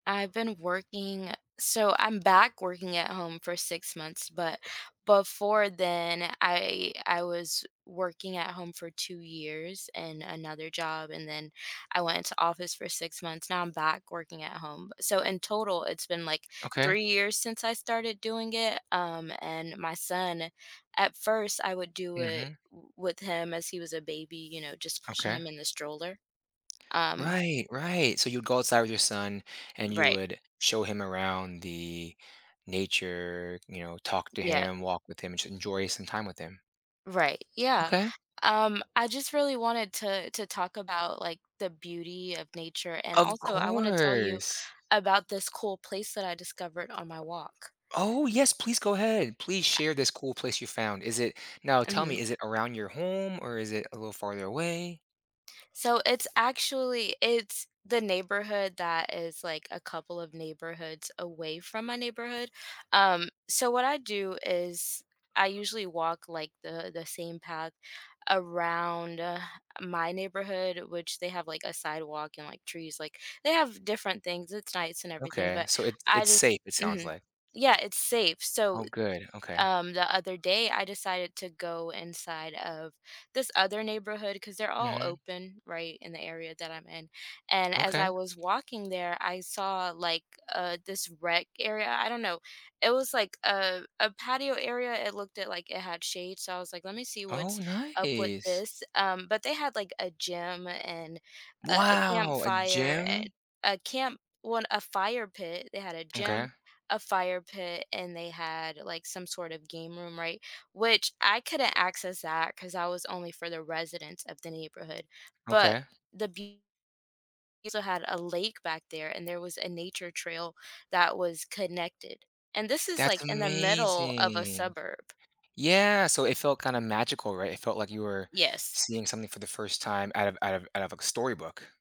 I've been working so I'm back working at home for 6 months. But before then, I I was working at home for 2 years and another job, and then I went into office for 6 months. Now I'm back working at home. So in total, it's been, like, Okay. 3 years since I started doing it. Um, and my son, at first, I would do it Mhm. w with him as he was a baby, you know, just pushing Okay. him in the stroller. Um Right. Right. So you'd go outside with your son, and you Right. would show him around the nature, you know, talk to Yeah. him, walk with him, and should enjoy some time with him. Right. Yeah. Okay. Um, I just really wanted to to talk about, like, the beauty of nature. And Of also, I want to tell you course. about this cool place that I discovered on my walk. Oh, yes. Please go ahead. Please A share this cool place you found. Is it now tell Mhm. me. Is it around your home, or is it a little farther away? So it's actually it's the neighborhood that is, like, a couple of neighborhoods away from my neighborhood. Um, so what I do is I usually walk, like, the the same path around my neighborhood, which they have, like, a sidewalk and, like, trees. Like, they have different things. It's nice and everything, Okay. but So it I it's just safe, it sounds, mhm. like. Yeah, It's safe. So, Oh, good. Okay. um, the other day, I decided to go inside of this other neighborhood 'cause they're all Mhm. open right in the area that I'm in. And as Okay. I was walking there, I saw, like, uh, this rec area. I don't know. It was, like, a a patio area. It looked at, like, it had shade. So I was, like, let me see Oh, what's up with nice. this. Um, but they had, like, a gym and a Wow. A campfire and gym? a camp well, a fire pit. They had a gym, Okay. a fire pit, and they had, like, some sort of game room, right, which I couldn't access that 'cause I was only for the residents of the neighborhood. But Okay. the beu also had a lake back there, and there was a nature trail that was connected. And this is, like, That's in the middle of a amazing. suburb. Yeah, so it felt kinda magical, right? It felt like you were Yes. seeing something for the first time out of out of out of a storybook.